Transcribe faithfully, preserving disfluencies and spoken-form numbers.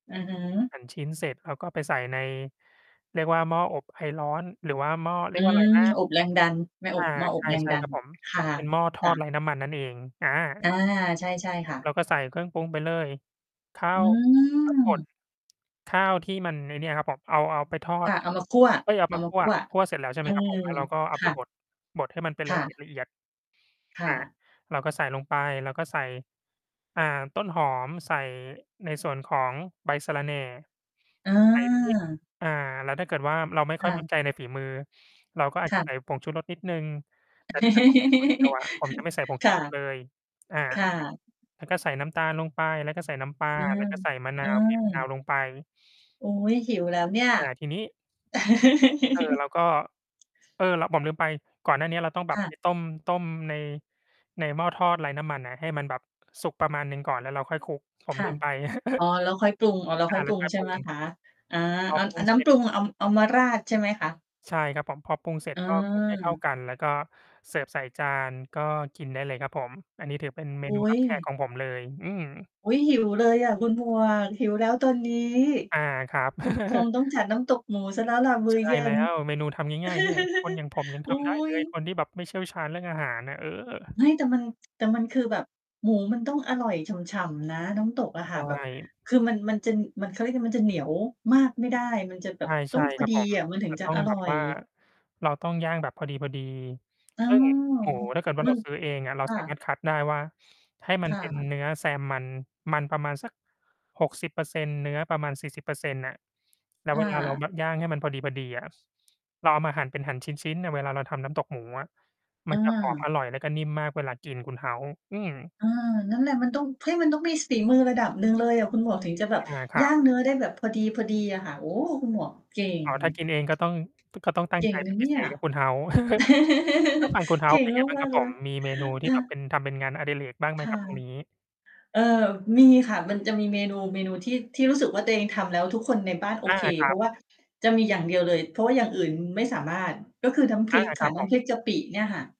อือฮึ หั่นชิ้นเสร็จแล้วก็ไปใส่ใน เรียกว่าหม้ออบไอร้อน หรือว่าหม้อ เรอีืยกว่าอะไรม นะ? อบแรงดัน ไม่ออา บ หม้ออบแรงใช่ ดัๆ ครน ับผม ค่ะ ที่ เป็นหม้อทจอ้ดะ ไร้น้ำมันนั่นเอง อา อา ใช่ ๆ ค่ะ เราก็ใส่เครื่องปรุงไปเลย ข้าอืว ข้าวบด ม ข้าวที่มัน ไอ้เนี่ยครับผม เอา เอาไปทอคด ่ะ เอามาคั่ว เอ๊ย! เอๆ าเมาคั่ว คั่วเสร็จแล้ว ใช่ไหออ มครับผม แล้วเราก็เอคาไป่บะ ด บดให้มันเป็น คล่ะเะ อียด คๆ อ่า ะ เราก็ใส่ลงไป เราก็ใส่ อ่า ต้นหอม ใส่ในส่วนของใบสะระแหน่ ใส่พริก เออ อ่า แล้วถ้าเกิดว่าเราไม่ค่คอย่มะ ั่นใจในฝีมือ เราก็อาจ คจ่ะ ใสะ ่ผงชูรสนิดหนึ่ง แต่ถ้าเกิดผมกินคนเดียวอะ ผมจะไม่ใส่ ผงคชู่ะ รส เลย อา ค่ะ แล้วก็ใส่น้ำตาลลงไป แล้วก็ใส่น้ำปลา เออ แล้วก็ใส่มะนเอาว บีบ มะ นาวอ ลงไป อุ๊ย! หิวแล้วเนี่ย อ่า ทีนี้ เออ เราก็ เออ ล ผมลืมไป ก่อนหน้าเนี้ยเราต้องแบคบ ่ไะ ป ต้ม ต้มใน ในหม้อทอดไร้น้ำมันอะ ให้มันแบบสุกประมาณหนึ่งก่อน แล้วเราค่อยคลุก ผมค่ลืะ มไป อ๋อ แล้วคอยปรุง อ๋อ แล้วอคา ่อยแปล้รุวง ค่อย ใช่ปรุไหมง คะ อา พออ ปรุอ งนเ้สร็ำปจ รุงเอา เอามาราดใช่ไหมคะ? ใช่ครับผม พอปรุงเสร็เจก็คลุกให้เข้าออ กัน แล้วก็เสิร์ฟใส่จานก็กินได้เลยครับผม อันนี้ถือเป็นเมอุนู๊รับแขกย ของผมเลย อืม อุ๊ย! หิวเลยอะคุณหมวก หิวแล้วตอนนี้ อา ครับ คงต้องจัดน้ำตกหมูเสียแล้วล่ะมืใ้ชอ่เย็แล้น ว เมนูทำง่าย ๆ เนี่ย คนอย่างผมยัง อุท๊ำได้ เลย ย คนที่แบบไม่เชี่ยวชาญเรื่องอาหารน่ะ เออ เฮ้ย! แต่มัน แต่มันคือแบบหมูมันต้องอร่อยฉ่ำ ๆ นะ น้ำตกอะใชค่ะ แบบ ่ คือมัน มันจะ เขาเรียกมันจะเหนียวมากไม่ได้ มันจะแบใบตช้อ่ งพๆ อครับ ดีผม อะ มันถึจงะจะต้อองรแบ่อบว่า ย เราต้องย่างแบบพอดี อ๋อ ๆ ซึ่งหมูถ้าเกิดว่าบึเราง ซื้อเองอะ เราค่สามะ ารถคัดได้ว่าให้มัคน่เป็นะ เนื้อแซมมัน มันประมาณสัก หกสิบเปอร์เซ็นต์ เนื้อประมาณ สี่สิบเปอร์เซ็นต์ น่ะ แล้ควเ่วลาเราะ แบบย่างให้มันพอดี ๆ อะ เราเอามาหั่น เป็นหั่นชิ้น ๆ เนี่ย เวลาเราทำน้ำตกหมูอะ เมันจะหอมออ อร่อยแล้วก็นิ่มมากเวลากินคุณ House อืม เออ นั่นแหละมันต้อง เฮ้ย! มันต้องมีฝีมือระดับหนึ่งเลยอะคุณหมวก ถึงจะแบบอา ครยั่าบ งเนื้อได้แบบพอดี ๆ อะค่ะ โอ้! คุณหมวกเก่อง ๋อ ถ้ากินเองก็ต้อง ก็ต้องตั้เกง่ใจ งเนปะ็นเพนีิ่เศย ษครับ คุณ House แล้วฝั่งคุณ เก่House เงป็นไงบ้างมคารัก บ ๆ เลผย ม มีเมนูทีค่่แบบเะ ป็น ทำเป็นงานอดิเรกบ้างไหมคค่รัะ บตรงนี้? เออ มีค่ะ มันจะมีเมนู เมนูที่ ที่รู้สึกว่าตัวเองทำแล้วทุกคนในบ้านโออา เค ครเพัราบ ะว่า จะมีอย่างเดียวเลย เพราะว่าอย่างอื่นไม่สามารถ ก็คือน้ำพอรา ิกคคร่ัะ บนผ้ำม พริกจะปิ เนี่ยค่ะ